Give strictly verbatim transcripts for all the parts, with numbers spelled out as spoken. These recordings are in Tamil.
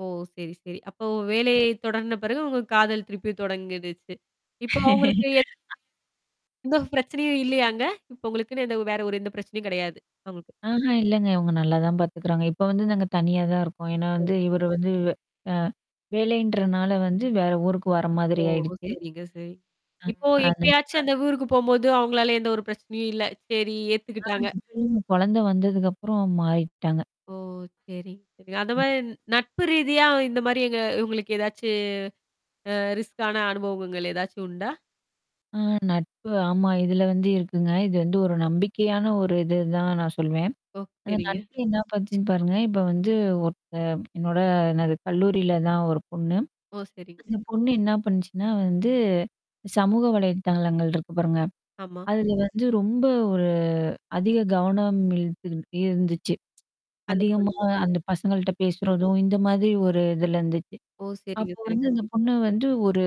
ஓ! சரி, சரி. அப்போ வேலையை தொடர்ந்த பிறகு உங்கள் காதல் திருப்பித் தொடங்கிடிச்சு. இப்ப அவங்களுக்கு எந்தப் பிரச்சனையும் இல்லையா அங்க? இப்ப உங்களுக்குன்னு எந்த ஒரு வேற ஒரு பிரச்சனை கிடையாது, உங்களுக்கு. ஆஹாம், இல்லீங்க. அவங்க நல்லாதான் பாத்துக்குறாங்க. இப்ப வந்து நாங்க தனியா தான் இருக்கோம். ஏன்னா ஓ, வந்து, இவரு சரிங்க. வந்து அஹ் வேலைன்றதுனால வந்து வேற ஊருக்கு வர்ற ஓ, மாதிரி ஆயிடுச்சு. சரிங்க, சரி. இப்போ அஹ் எப்பயாச்சும் [unintelligible] அந்தப் ஊருக்குப் போகும்போது அவங்களால எந்த ஒரு பிரச்சனையும் இல்ல. சரி, ஆஹா, ஏத்துக்கிட்டாங்க. இப்ப இல்லீங்க. குழந்தை வந்ததுக்கு அப்புறம் மாறிட்டாங்க. ஓ, சரி. அந்த ம். மாதிரி நட்பு ரீதியா இந்த மாதிரி எங்க உங்களுக்கு எதாச்சும் அ, ரிஸ்க்கான அனுபவகங்கள் எதாச்சும் உண்டா? அஹ் நட்பு. ஆமா, இதுல வந்து இருக்குங்க. இது வந்து கண்டிப்பா. ஒரு நம்பிக்கையான ஒரு இதுதான் நான் சொல்லுவேன். ஓ, அந்த சரிங்க. நட்பு என்ன பண்ணுச்சுன்னு பாருங்க, இப்ப வந்து ஒரு என்னோட ந கல்லூரியில தான் ஒரு பொண்ணு. ஓ, சரிங்க. அந்தப் பொண்ணு என்ன பண்ணுச்சுன்னா வந்து, சமூக வலைத்தளங்கள் இருக்கு பாருங்க. ஆமா. அதுல வந்து ரொம்ப ஒரு அதிக கவனம் இழுத்து இருந்துச்சு. அந்த அதிகமா பொண்ணுக்கு அந்தப் பசங்கள்ட பேசுறதும் இந்த மாதிரி ஒரு இதுல இருந்துச்சு. ஓ, சரிங்க, அப்போ வந்து சரிங்க. அந்தப் பொண்ணு வந்து ஒரு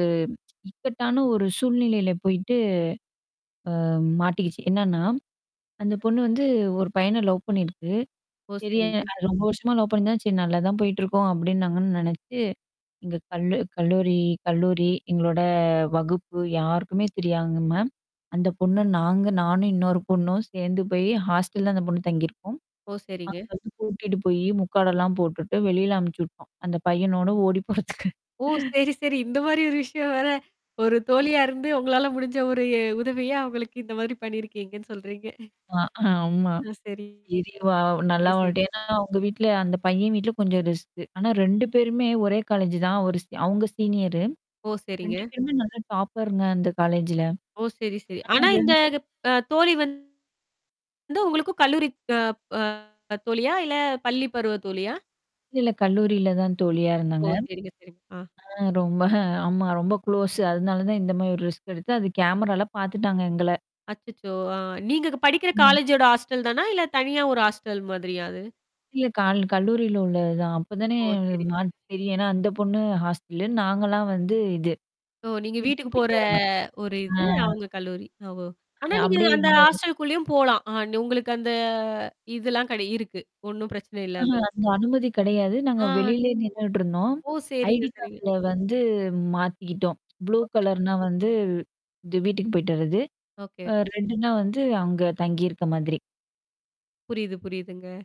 இக்கட்டான ஒரு சூழ்நிலையில போயிட்டு, அஹ் மாட்டிக்கிச்சு. என்னன்னா, அந்தப் பொண்ணு வந்து [unintelligible] ஒரு பையன லவ் பண்ணி இருக்கு. ஓ, சரி, சரிங்க. அது ரொம்ப வருஷமா லவ் பண்ணுதான், சரி நல்லாதான் போயிட்டு இருக்கோம் அப்படின்னாங்கன்னு நினைச்சு, எங்க கல்லு கல்லூரி கல்லூரி, எங்களோட வகுப்பு யாருக்குமே தெரியாதுங்கம்மா அந்தப் பொண்ணு நாங்க, நானும் இன்னொரு பொண்ணும் சேர்ந்து போய் ஹாஸ்ட்ட்ல் தான் அந்தப் பொண்ணு தங்கி இருக்கும். ஓ, சரிங்க. அங்க இருந்து கூட்டிட்டு போய் முக்காட எல்லாம் போட்டுட்டு வெளியில அனுப்பிச்சி விட்ருவோம். அந்தப் பையன்னோட ஓடிப் போறதுக்கு. ஓ, சரி, சரி. இந்த மாதிரி ஒரு விஷயம் வேற, ஒரு தோழியா இருந்து உங்களால முடிஞ்ச ஒரு எ உதவியா அவங்களுக்கு இந்த மாதிரி பண்ணி இருக்கீங்கன்னு சொல்றீங்க. ஆஹ், ஆமா. ஆ, ச சரி ரிங்க, வா, நல்லா சரிங்க. வாழ்ந்தீன்னா, உங்க வீட்ல அந்தப் பையன் வீட்டுல கொஞ்சம் ரிஸ்க். ஆனா, ரெண்டு பேருமே ஒரே காலேஜ் தான். ஒரு ஸ் அவங்க சீனியர். ஓ, ரெண்டு சரிங்க. பேருமே நல்ல டாப்பர்ங்க, அந்த காலேஜ்ல. ஓ, சரி, சரி. ஆனா ஆனா ரெண்டு இந்தத் அ தோழி வந்து உங்களுக்குக் கல்லூரி க ப தோழியா? இல்ல பள்ளி பருவத் தோழியா? இல்லல்ல, கல்லூரியில தான் தோழியா ஓ, இருந்தாங்க. சரிங்க, சரிங்க. அ. ஆ, ரொம்ப ஆமா, ரொம்ப க்ளோஸ். அதனால தான் இந்த மாதிரி ஒரு ரிஸ்க் எடுத்து அது கேமரால பாத்துட்டாங்க எங்கள. அச்சச்சோ! அ. நீங்கப் படிக்கிற ம். காலேஜோட ஹாஸ்ட்டல் தானா? இல்ல தனியா ஒரு ஹாஸ்ட்டல் மாதிரியா அது? இல்ல கால-கல்லூரியில உள்ள தான். அப்போ தானே ஓ, சரிங்க. மாத்தி சரி, ஏன்னா அந்தப் பொண்ணு ஹாஸ்ட்டல். நாங்கல்லாம் வந்து இது. ஓ. நீங்க வீட்டுக்கு வீட்டுக்கு போற போயிட்டு வர்ற மாதிரி. ஒரு இது ஆஹ். அவங்க கல்லூரி. அ ஓ. ஆனா நீங்க அப்படியே அந்த எங்க ஹாஸ்ட்டல்குள்ளயும் போலாம். உங்களுக்கு அந்த இதெல்லாம் கிடை இருக்கு, ஒண்ணும் பிரச்சனை இல்ல. அந்த ஆஹா, அள அந்த அனுமதி கிடையாது. நாங்க அ. வெளியிலே நின்னுட்டு இருந்தோம். ஓ, சரிங்க, ஐடி சரிங்க. கார்டுல வந்து மாத்திக்கிட்டோம். புளூ [unintelligible] கலர்ன்னா வந்து, இது வீட்டுக்கு போயிட்டு வர்றது. ஓகே. அஹ் ரெட்னா வந்து, அங்க தங்கி இருக்க மாதிரி. புரியுது. புரியுதுங்க.